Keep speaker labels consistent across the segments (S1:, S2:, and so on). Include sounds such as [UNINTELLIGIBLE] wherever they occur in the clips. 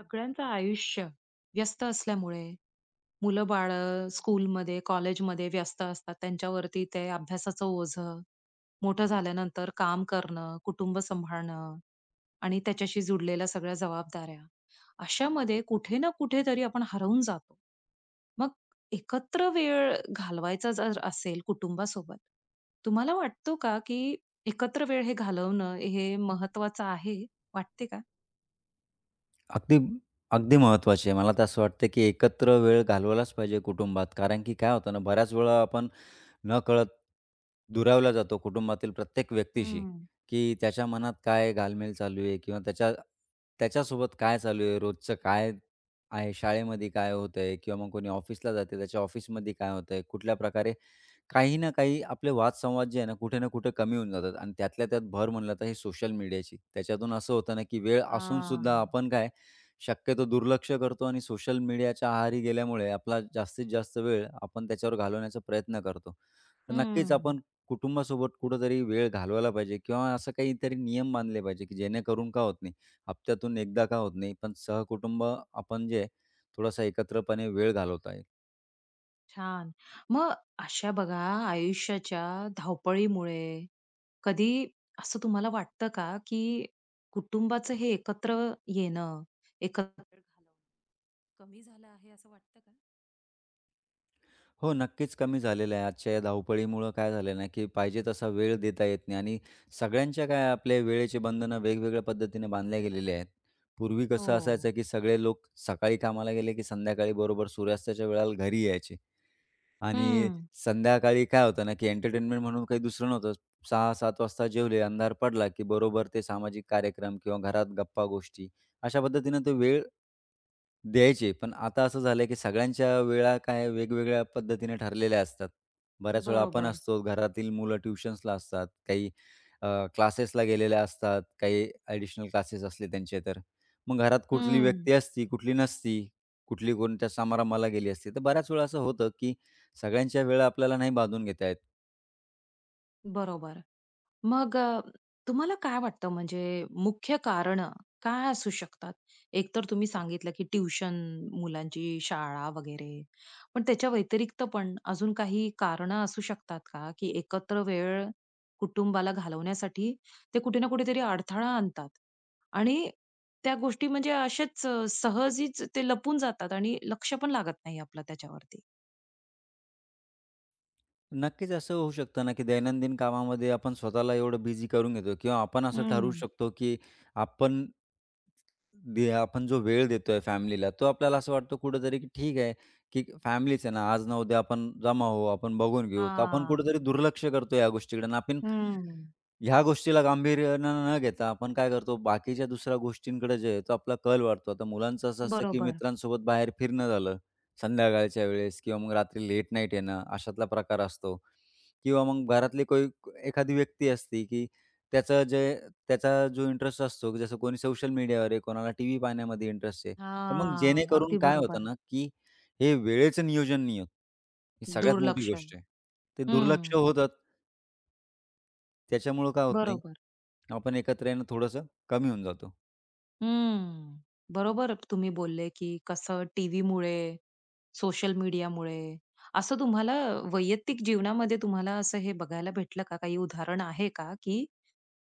S1: सगळ्यांचं आयुष्य व्यस्त असल्यामुळे मुलं-बाळं
S2: [UNINTELLIGIBLE]
S1: स्कूलमध्ये, कॉलेजमध्ये व्यस्त असतात. त्यांच्यावरती ते अभ्यासाचं ओझं, मोठं
S2: हं.
S1: झाल्यानंतर काम करणं, कुटुंब सांभाळणं आणि त्याच्याशी जुडलेल्या सगळ्या जबाबदाऱ्या. अशामध्ये कुठे ना कुठेतरी आपण हरवून जातो. मग एकत्र वेळ
S2: [UNINTELLIGIBLE]
S1: घालवायचा जर असेल कुटुंबासोबत तुम्हाला वाटतो का, की एकत्र वेळ हे
S2: हं.
S1: घालवणं हे महत्वाचं आहे वाटते का?
S2: अगदी, अगदी महत्त्वाची आहे मला तर असं वाटतं की एकत्र वेळ घालवलाच पाहिजे कुटुंबात. कारण की काय होतं ना, बऱ्याच वेळा आपण नकळत दुरावला जातो कुटुंबातील प्रत्येक व्यक्तीशी
S1: हं.
S2: की त्याच्या मनात काय घालमेल चालू आहे किंवा त्याच्या त्याच्यासोबत काय चालू आहे? रोजचं काय आहे? शाळेमध्ये काय होतंय किंवा मग कोणी ऑफिसला जाते त्याच्या ऑफिसमध्ये काय होतंय? कुठल्या प्रकारे काही ना काही आपले वादसंवाद जे आहे ना कुठे ना कुठे कमी होऊन जातात आणि त्यातल्या त्यात भर म्हटलं तर हे सोशल मीडियाची. त्याच्यातून असं होतं ना की वेळ असूनसुद्धा
S1: हां.
S2: आपण काय शक्यतो दुर्लक्ष करतो आणि सोशल मीडियाच्या आहारी गेल्यामुळे आपला जास्तीत जास्त वेळ आपण त्याच्यावर घालवण्याचा प्रयत्न करतो. तर नक्कीच
S1: हं.
S2: आपण कुटुंबासोबत कुठेतरी वेळ घालवायला पाहिजे किंवा असं काहीतरी नियम बांधले पाहिजे की जेणेकरून का होत नाही. हप्त्यातून एकदा का होत नाही पण सहकुटुंब आपण जे थोडासा एकत्रपणे वेळ घालवत आहे.
S1: छान. मग अशा बघा आयुष्याच्या धावपळीमुळे कधी असं तुम्हाला वाटतं का की कुटुंबाचं हे एकत्र येणं, एकत्र [UNINTELLIGIBLE] घालवणं कमी झालं आहे असं वाटतं का?
S2: हो, नक्कीच, कमी झालेलं आहे. आजच्या या धावपळीमुळं काय झालेलं नाही की पाहिजे तसा वेळ देता येत नाही आणि सगळ्यांच्या काय आपले वेळेची बंधनं वेगवेगळ्या पद्धतीने बांधल्या गेलेल्या आहेत. पूर्वी कसं
S1: हो.
S2: असायचं की सगळे लोक सकाळी कामाला गेले, की संध्याकाळी बरोबर सूर्यास्ताच्या वेळेला घरी यायचे आणि
S1: हं.
S2: संध्याकाळी काय होतं ना, की एंटरटेनमेंट म्हणून काही दुसरं नव्हतंच. 6:00-7:00 वाजता जेवले अंधार पडला, की बरोबर ते सामाजिक कार्यक्रम किंवा घरात गप्पा-गोष्टी अशा पद्धतीनं ते वेळ द्यायचे. पण आता असं झालं, की सगळ्यांच्या वेळा काय वेगवेगळ्या पद्धतीने ठरलेल्या असतात. बऱ्याचवेळा आपण
S1: बरोबर.
S2: असतो घरातील मुलं ट्युशन्सला असतात, काही अ, क्लासेसला गेलेल्या असतात, काही अ‍ॅडिशनल क्लासेस असले त्यांचे तर. मग घरात कुठली
S1: हं.
S2: व्यक्ती असती, कुठली नसती, कुठली कोणत्या समारंभाला गेली असती, तर बऱ्याच वेळा असं होतं की सगळ्यांच्या वेळा आपल्याला नाही बांधून घेता येत.
S1: बरोबर. मग अ, तुम्हाला काय वाटतं म्हणजे मुख्य कारण अ, काय असू शकतात? एकतर तुम्ही सांगितलं की ट्युशन, मुलांची शाळा वगैरे. पण त्याच्या व्यतिरिक्त पण अजून काही कारणं असू शकतात का, की एकत्र वेळ कुटुंबाला घालवण्यासाठी ते कुठे ना कुठेतरी अडथळा आणतात आणि त्या गोष्टी म्हणजे असेच अ, सहजचं ते लपून जातात आणि लक्ष पण लागत नाही आपलं त्याच्यावरती?
S2: नक्कीच, असं होऊ शकतं ना की दैनंदिन कामामध्ये आपण स्वतःला एवढं बिझी करून घेतो किंवा आपण असं ठरवू
S1: हं.
S2: शकतो की आपण दि आपण जो वेळ देतोय फॅमिलीला तो आपल्याला असं वाटतं कुठेतरी की ठीक आहे, की फॅमिलीच आहे ना, आज न उद्या आपण जमा होऊ, आपण बघून घेऊ. तर आपण
S1: हां.
S2: कुठेतरी दुर्लक्ष करतो या गोष्टीकडे आणि आपण
S1: हं.
S2: ह्या गोष्टीला गांभीर्यानं न घेता आपण काय करतो, बाकीच्या दुसऱ्या गोष्टींकडे जे आहे तो आपला कल वाढतो. आता मुलांचं असं असतं की
S1: बरोबर.
S2: मित्रांसोबत बाहेर फिरणं झालं, संध्याकाळच्या वेळेस किंवा मग रात्री लेट नाईट येणं अशातला प्रकार असतो किंवा मग घरातली कोई एखादी व्यक्ती असते, की त्याचं जे त्याचा जो इंटरेस्ट असतो, की जसं कोणी सोशल मीडियावर आहे, कोणाला टीव्ही पाहण्यामध्ये इंटरेस्ट आहे. तर मग
S1: हां,
S2: जेणेकरून
S1: अगदी
S2: काय होतं
S1: बरोबर.
S2: ना, की हे वेळेचं नियोजन नाही होत. ही सगळ्यात मोठी
S1: दुर्लक्ष.
S2: गोष्ट आहे. ते दुर्लक्ष
S1: हं.
S2: होतात. त्याच्यामुळं काय होत नाही,
S1: बरोबर.
S2: आपण एकत्र येणं थोडंसं कमी होऊन जातो.
S1: हं, बरोबर तुम्ही बोलले, की कसं टीव्हीमुळे, सोशल मीडियामुळे असं तुम्हाला वैयक्तिक जीवनामध्ये तुम्हाला असं हे बघायला भेटलं का, काही उदाहरण आहे का, की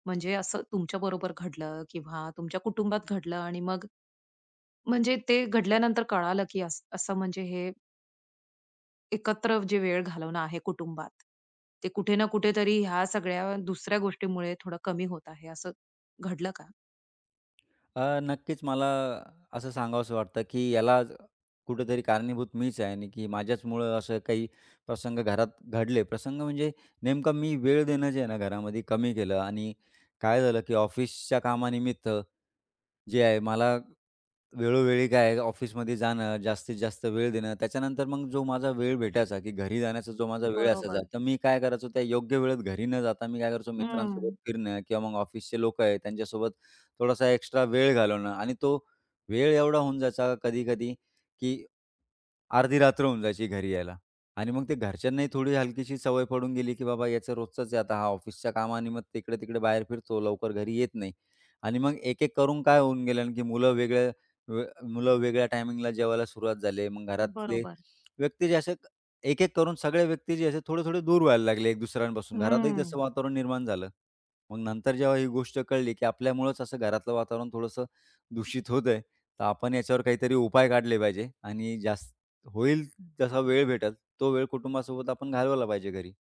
S1: म्हणजे असं तुमच्याबरोबर घडलं, किंवा तुमच्या कुटुंबात घडलं, आणि मग म्हणजे ते घडल्यानंतर कळालं की असं म्हणजे हे एकत्र जे वेळ घालवणं आहे कुटुंबात, ते कुठे ना कुठेतरी ह्या सगळ्या दुसऱ्या गोष्टीमुळे थोडं कमी होत आहे असं घडलं का?
S2: अ, नक्कीच, मला असं सांगावसं वाटतं, की याला कुठेतरी कारणीभूत मीच आहे आणि की माझ्याचमुळं असं काही प्रसंग घरात घडले. प्रसंग म्हणजे नेमकं मी वेळ देणं जे आहे ना घरामध्ये कमी केलं आणि काय झालं, की ऑफिसच्या कामानिमित्त जे आहे, मला वेळोवेळी काय आहे ऑफिसमध्ये जाणं जास्तीत जास्त वेळ देणं, त्याच्यानंतर मग जो माझा वेळ भेटायचा, की घरी जाण्याचा जो माझा वेळ असायचा,
S1: बरोबर.
S2: तर मी काय करायचो, त्या योग्य वेळेत घरी न जाता मी काय करायचो मित्रांसोबत
S1: हं.
S2: फिरणं किंवा मग ऑफिसचे लोकं आहेत, त्यांच्यासोबत थोडासा एक्स्ट्रा वेळ घालवणं आणि तो वेळ एवढा होऊन जायचा कधी-कधी, की अर्धी रात्र होऊन जायची घरी यायला आणि मग ते घरच्यांनाही थोडी हलकीशी सवय पडून गेली, की बाबा याचं रोजचंच आहे आता हा ऑफिसच्या कामानिमित्त इकडे-तिकडे बाहेर फिरतो, लवकर घरी येत नाही आणि मग एक-एक करून काय होऊन गेलं आणि की मुलं वेगळ्या मुलं वेगळ्या टायमिंगला जेवायला सुरुवात झाले. मग घरातले
S1: बरोबर.
S2: व्यक्ती जे असे एक-एक करून सगळे व्यक्ती जे असे थोडे-थोडे दूर व्हायला लागले, एक दुसऱ्यांपासून घरातही तसं
S1: हं.
S2: वातावरण निर्माण झालं. मग नंतर जेव्हा ही गोष्ट कळली, की आपल्यामुळेच असं घरातलं वातावरण थोडंसं दूषित होतंय, तर आपण याच्यावर काहीतरी उपाय काढले पाहिजे आणि जास्त होईल जसा वेळ भेटेल तो वेळ कुटुंबासोबत आपण घालवला पाहिजे.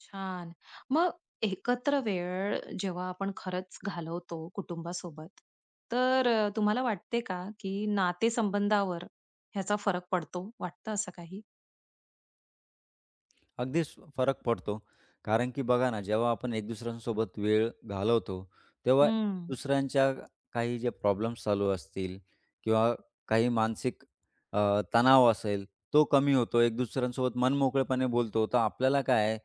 S1: छान, मग एकत्र वेळ जेव्हा आपण खरंच घालवतो कुटुंबासोबत, तर अ, तुम्हाला वाटते का, की नातेसंबंधावर ह्याचा फरक पडतो, वाटतं असं काही?
S2: अगदीच फरक पडतो. कारण की बघा ना, जेव्हा आपण एक दुसऱ्यांसोबत वेळ घालवतो, तेव्हा
S1: हं.
S2: दुसऱ्यांच्या काही जे प्रॉब्लेम्स चालू असतील किंवा काही मानसिक अ, तणाव असेल, तो कमी होतो. एक दुसऱ्यांसोबत मन मोकळेपणे बोलतो, तर आपल्याला काय आहे,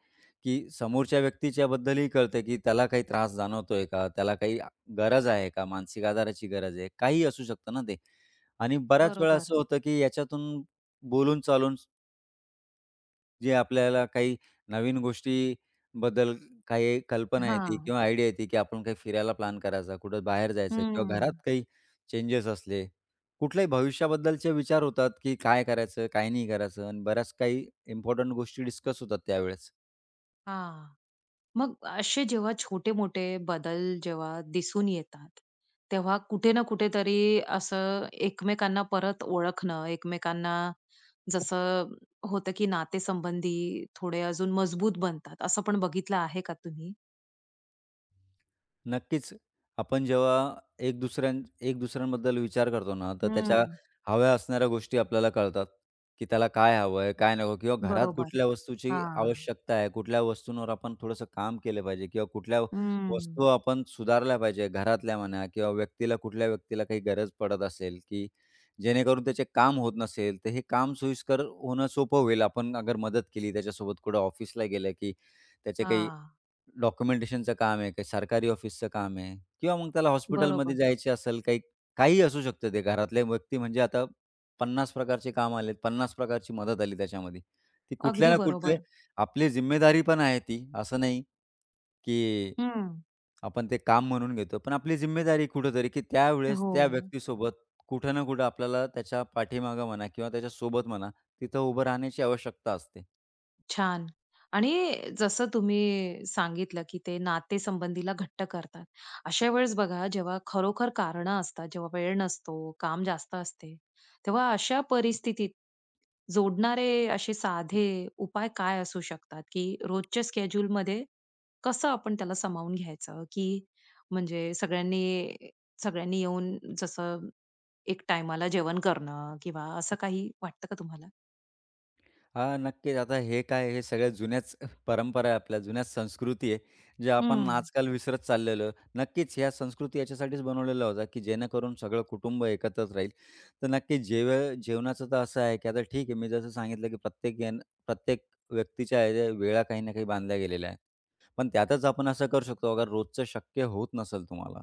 S2: की समोरच्या व्यक्तीच्याबद्दलही कळते, की त्याला काही त्रास जाणवतो आहे का, त्याला काही गरज आहे का, मानसिक आधाराची गरज आहे, काहीही असू शकतं ना ते, आणि बऱ्याच वेळा
S1: बरोबर.
S2: असं होतं की याच्यातून बोलून-चालून जे आपल्याला काही नवीन गोष्टीबद्दल काही कल्पना येते
S1: हां.
S2: किंवा आयडिया येते, की आपण काही फिरायला प्लॅन करायचा, कुठं बाहेर जायचं किंवा घरात
S1: हं.
S2: काही चेंजेस असले, कुठल्याही भविष्याबद्दलचे विचार होतात, की काय करायचं काय नाही करायचं आणि बऱ्याच काही इम्पोर्टंट गोष्टी डिस्कस होतात त्यावेळेस.
S1: हां, मग असे जेव्हा छोटे-मोठे बदल जेव्हा दिसून येतात, तेव्हा कुठे ना कुठेतरी असं एकमेकांना परत ओळखणं, एकमेकांना जसं होतं की नातेसंबंधी थोडे अजून मजबूत बनतात, असं पण बघितलं आहे का तुम्ही?
S2: नक्कीच, आपण जेव्हा एक दुसऱ्यां एक दुसऱ्यांबद्दल विचार करतो ना, तर त्याच्या
S1: हम्म.
S2: हव्या असणाऱ्या गोष्टी आपल्याला कळतात, की त्याला काय हवं आहे? काय नको? किंवा घरात
S1: बरोबर,
S2: कुठल्या वस्तूची
S1: हां.
S2: आवश्यकता आहे. कुठल्या वस्तूंवर आपण थोडंसं काम केलं पाहिजे किंवा कुठल्या
S1: हं.
S2: वस्तू आपण सुधारल्या पाहिजे. घरातल्या म्हणा किंवा व्यक्तीला कुठल्या व्यक्तीला काही गरज पडत असेल, की जेणेकरून त्याचे काम होत नसेल तर हे काम सोयीस्कर होणं सोपं होईल आपण अगर मदत केली त्याच्यासोबत कुठं ऑफिसला गेलं, की त्याचे काही
S1: हां.
S2: डॉक्युमेंटेशनचं काम आहे, काही सरकारी ऑफिसचं काम आहे किंवा मग त्याला हॉस्पिटलमध्ये
S1: बरोबर.
S2: जायचे असेल काही काहीही असू शकतं ते घरातले व्यक्ती म्हणजे आता 50 प्रकारचे काम आलेत 50 प्रकारची मदत आली त्याच्यामध्ये. ती कुठल्या
S1: अगदी
S2: ना कुठले
S1: बरोबर.
S2: आपली जिम्मेदारी पण आहे ती असं नाही, की
S1: हं.
S2: आपण ते काम म्हणून घेतो. पण आपली जिम्मेदारी कुठेतरी, की त्यावेळेस त्या
S1: हो.
S2: व्यक्तीसोबत कुठे ना कुठे आपल्याला त्याच्या पाठीमागे म्हणा किंवा त्याच्यासोबत म्हणा, तिथं उभं राहण्याची आवश्यकता असते.
S1: छान आणि जसं तुम्ही सांगितलं, की ते नाते संबंधीला घट्ट करतात. अशा वेळेस बघा जेव्हा खरोखर कारणं असतात जेव्हा वेळ नसतो, काम जास्त असते. तेव्हा अशा परिस्थितीत जोडणारे असे साधे उपाय काय असू शकतात, की रोजच्या शेड्यूलमध्ये कसं आपण त्याला सामावून घ्यायचं, की म्हणजे सगळ्यांनी सगळ्यांनी येऊन जसं एक टाईमाला जेवण करणं किंवा असं काही वाटतं का तुम्हाला?
S2: हां, नक्कीच. आता हे काय हे सगळ्या जुन्यांच परंपरा आहे, आपल्या जुन्यांच संस्कृती आहे, जे आपण
S1: हं.
S2: आजकाल विसरत चाललेलो आहे. नक्कीच ह्या संस्कृती याच्यासाठीच बनवलेला होत्या, की जेणेकरून सगळं कुटुंब एकत्रच राहील. तर नक्कीच जेवे जेवणाचं तर असं आहे, की आता ठीक आहे, मी जसं सांगितलं, की प्रत्येक जण प्रत्येक व्यक्तीच्या या वेळा काही ना काही बांधल्या गेलेल्या आहे. पण त्यातच आपण असं करू शकतो. अगर रोजचं शक्य होत नसेल तुम्हाला,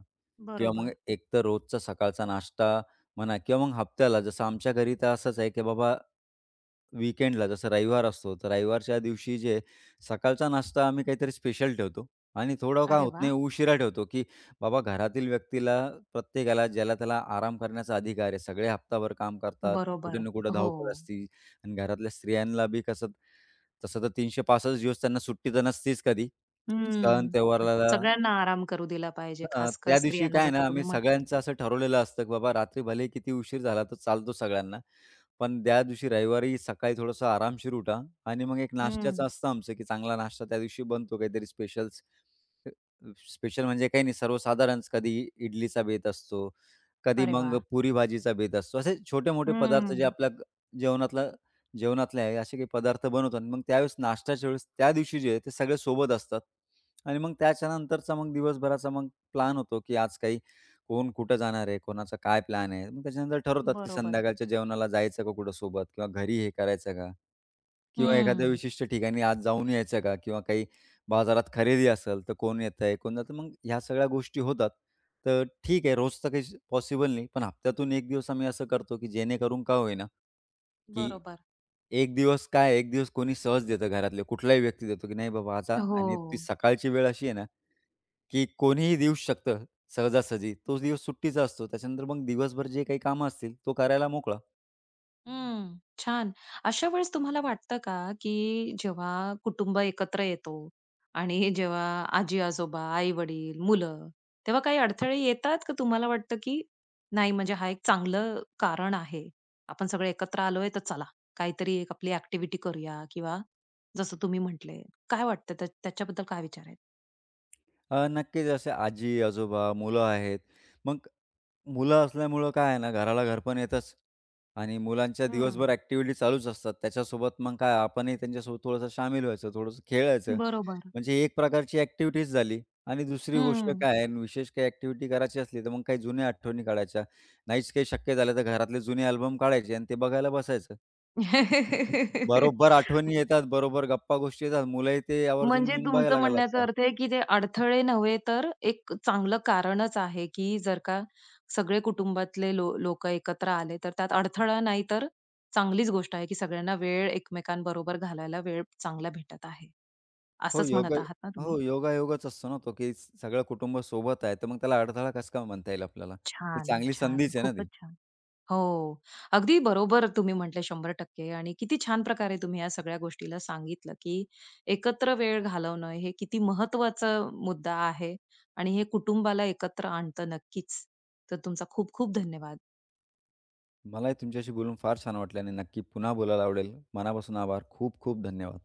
S2: किंवा मग
S1: बरोबर.
S2: एक तर रोजचा सकाळचा नाश्ता म्हणा किंवा मग हप्त्याला जसं आमच्या घरी तर असंच आहे, की बाबा वीकेंडला, जसं रविवार असतो, तर रविवारच्या दिवशी जे आहे सकाळचा नाश्ता आम्ही काहीतरी स्पेशल ठेवतो आणि थोडं काम
S1: अरे
S2: होत
S1: वाह!
S2: नाही, उशिरा ठेवतो, की बाबा घरातील व्यक्तीला, प्रत्येकाला ज्याला-त्याला आराम करण्याचा अधिकार आहे. सगळे हप्ताभर काम करतात. कुठे
S1: बरोबर,
S2: ना कुठे धावपळ
S1: हो.
S2: असती आणि घरातल्या स्त्रियांला बी कसं, तसं तर 365 दिवस त्यांना सुट्टी तर नसतीच. कधी सण
S1: हं,
S2: त्योहाराला
S1: सगळ्यांना आराम करू दिला पाहिजे.
S2: अ,
S1: खासकर
S2: त्या दिवशी
S1: स्त्रियांना,
S2: काय आहे
S1: जसं
S2: ना,
S1: तुम्ही
S2: आम्ही
S1: म्हटलंय.
S2: सगळ्यांचं असं ठरवलेलं असतं, की बाबा रात्री भलेही किती उशीर झाला तर चालतो सगळ्यांना. पण त्या दिवशी रविवारी सकाळी थोडंसं आरामशीर उठा आणि मग एक नाश्त्याचं
S1: हं.
S2: असतं आमचं, की चांगला नाश्ता त्या दिवशी बनतो, काहीतरी स्पेशल्स स्पेशल म्हणजे काही नाही, सर्वसाधारण कधी इडलीचा बेत असतो, कधी
S1: अरे वाह!
S2: मग पुरी-भाजीचा बेत असतो. असे छोटे-मोठे पदार्थ, जे
S1: हं.
S2: आपल्या जेवणातलं जेवणातल्या आहे, असे काही पदार्थ बनवतात. मग त्यावेळेस नाश्त्याच्या वेळेस त्या दिवशी जे आहे ते सगळे सोबत असतात आणि मग त्याच्या नंतरचा मग दिवसभराचा मग प्लॅन होतो, की आज काही कोण कुठे जाणार आहे, कोणाचा काय प्लॅन आहे. मग त्याच्या नंतर ठरवतात, की
S1: बरोबर.
S2: संध्याकाळच्या जेवणाला जायचं का कुठे सोबत किंवा घरी हे करायचं का किंवा एखाद्या
S1: हं.
S2: विशिष्ट ठिकाणी आज जाऊन यायचं का? किंवा काही बाजारात खरेदी असेल, तर कोण येतंय, कोण जातं. मग ह्या सगळ्या गोष्टी होतात. तर ठीक आहे, रोज तर काही पॉसिबल नाही. पण हप्त्यातून एक दिवस आम्ही असं करतो, की जेणेकरून का होईना, की
S1: बरोबर.
S2: एक दिवस काय एक दिवस कोणी सहज देतं, घरातले कुठलाही व्यक्ती देतो, की नाही बाबा आता आणि ती
S1: हो.
S2: सकाळची वेळ अशी आहे ना, की कोणीही देऊ शकतं सहजासहजी, तोच दिवस सुट्टीचा असतो. त्याच्यानंतर मग दिवसभर जे काही काम असतील, तो करायला मोकळा.
S1: हं, छान. अशा वेळेस तुम्हाला वाटतं का, की जेव्हा कुटुंब एकत्र येतो आणि जेव्हा आजी-आजोबा, आई-वडील, मुलं तेव्हा काही अडथळे येतात? का तुम्हाला वाटतं की नाही म्हणजे हा एक चांगलं कारण आहे. आपण सगळे एकत्र आलोय, तर चला काहीतरी एक आपली ॲक्टिव्हिटी करूया. किंवा जसं तुम्ही म्हटले, काय वाटत त्या त्याच्याबद्दल काय विचार आहे?
S2: अ, नक्कीच असं आजी-आजोबा, मुलं आहेत. मग मुलं असल्यामुळं काय आहे ना, घराला घरपण येतचं आणि मुलांच्या
S1: हं.
S2: दिवसभर ॲक्टिव्हिटी चालूच असतात. त्याच्यासोबत मग काय आपणही त्यांच्यासोबत थोडंसं शामील व्हायचं, थोडंसं खेळायचं.
S1: बरोबर.
S2: म्हणजे एक प्रकारची ॲक्टिव्हिटीचं झाली आणि दुसरी गोष्ट
S1: हं.
S2: काय आहे आणि विशेष काही ॲक्टिव्हिटी करायची असली, तर मग काही जुन्या आठवणी काढायच्या. नाहीच काही शक्य झालं, तर घरातले जुने अल्बम काढायचे आणि ते बघायला बसायचं. बरोबर आठवणी
S1: [LAUGHS]
S2: येतात, बरोबर गप्पा गोष्टी येतात, मुलंही ते आवर्जून
S1: म्हणजे
S2: येऊन
S1: तुमचं
S2: बघायला
S1: म्हणण्याचा
S2: लागतात.
S1: अर्थ आहे, की जे अडथळे नव्हे, तर एक चांगलं कारणच आहे, की जर का सगळे कुटुंबातले लो लोक एकत्र आले, तर त्यात अडथळा नाही, तर चांगलीच गोष्ट आहे. की सगळ्यांना वेळ, एकमेकांबरोबर घालवायला वेळ चांगला भेटत आहे.
S2: हो
S1: असंच
S2: योग
S1: म्हणत
S2: अ,
S1: आहात ना तुम्ही?
S2: हो योगायोगच असतो ना तो, की सगळं कुटुंबसोबत आहे. तर मग त्याला अडथळा कसा काय म्हणता येईल आपल्याला? ती
S1: छान,
S2: चांगली
S1: छान.
S2: संधीच आहे ना
S1: खूपच
S2: ती.
S1: छान. हो, अगदी बरोबर तुम्ही म्हटले, 100% आणि किती छान प्रकारे तुम्ही ह्या सगळ्या गोष्टीला सांगितलं, की एकत्र वेळ घालवणं हे किती महत्त्वाचं मुद्दा आहे आणि हे कुटुंबाला एकत्र आणतं. नक्कीच, तर तुमचे खूप खूप धन्यवाद.
S2: मलाही तुमच्याशी बोलून फार छान वाटलं आणि नक्की पुन्हा बोलायला आवडेल. मनापासून आभार. खूप-खूप धन्यवाद.